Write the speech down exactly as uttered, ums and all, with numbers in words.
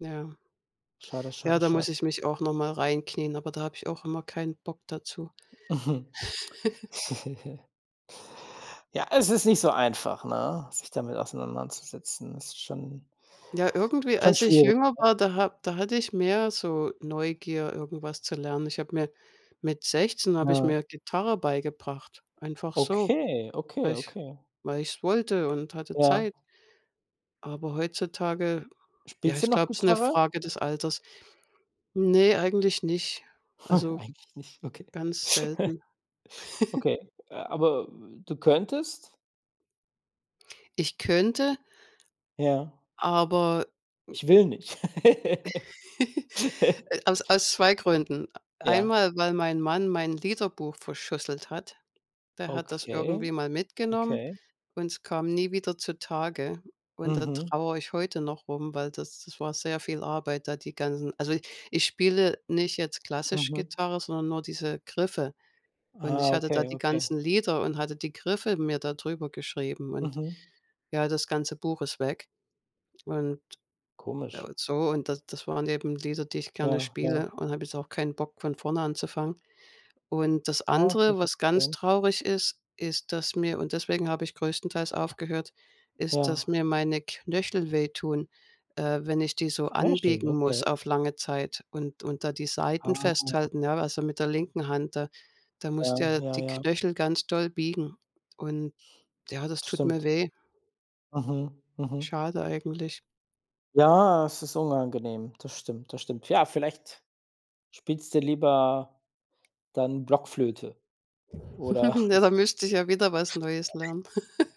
Ja. Schade, Ja, schade, da schade. muss ich mich auch noch mal reinknien, aber da habe ich auch immer keinen Bock dazu. Ja, es ist nicht so einfach, ne, sich damit auseinanderzusetzen? Ist schon Ja, irgendwie, schon als ich schwierig, jünger ja. war, da ha da hatte ich mehr so Neugier, irgendwas zu lernen. Ich habe mir mit sechzehn habe ich Ja. mir Gitarre beigebracht, einfach so, Okay, okay, weil ich okay. weil ich es wollte und hatte Ja. Zeit. Aber heutzutage, ja, Spielst du ich noch glaube, ist 'ne Gitarre? Frage des Alters. Ne, eigentlich nicht, also, Eigentlich nicht, okay. ganz selten. Okay, äh, aber du könntest? Ich könnte Ja. aber mhm. Ich will nicht. Äh, aus aus zwei Gründen: E Ja. Einmal, weil mein Mann mein Liederbuch verschusselt hat. Der hat das Okay, irgendwie mal mitgenommen okay. und es kam nie wieder zutage. Und da Mhm. trauere ich heute noch rum, weil das das war sehr viel Arbeit, da die ganzen also, ich spiele nicht jetzt klassisch Mhm. Gitarre, sondern nur diese Griffe. Und ich Ah, hatte da okay, die okay. ganzen Lieder und hatte die Griffe mir da drüber geschrieben und, Mhm. ja, das ganze Buch ist weg. Und Komisch. und so, und da das waren eben Lieder, die ich gerne Ja, ja. spiele und da habe ich auch keinen Bock, von vorne anzufangen. Und das Ah, wird andere, schon was ganz verstehen. traurig ist, ist, dass mir und deswegen habe ich größtenteils aufgehört, ist, Ja. dass mir meine Knöchel wehtun, äh, wenn ich die so [unintelligible] anbiegen muss okay. auf lange Zeit und und da die Seiten Ah. festhalten, ja, also, mit der linken Hand da. Da musst du Äh, ja ja, die ja. Knöchel ganz doll biegen und ja, das tut mir Stimmt. weh. Mhm, mhm. Schade eigentlich. Ja, es ist unangenehm, das stimmt, das stimmt. Ja, vielleicht spielst du lieber dann Blockflöte, oder Ja, da müsste ich ja wieder was Neues [unintelligible] lernen.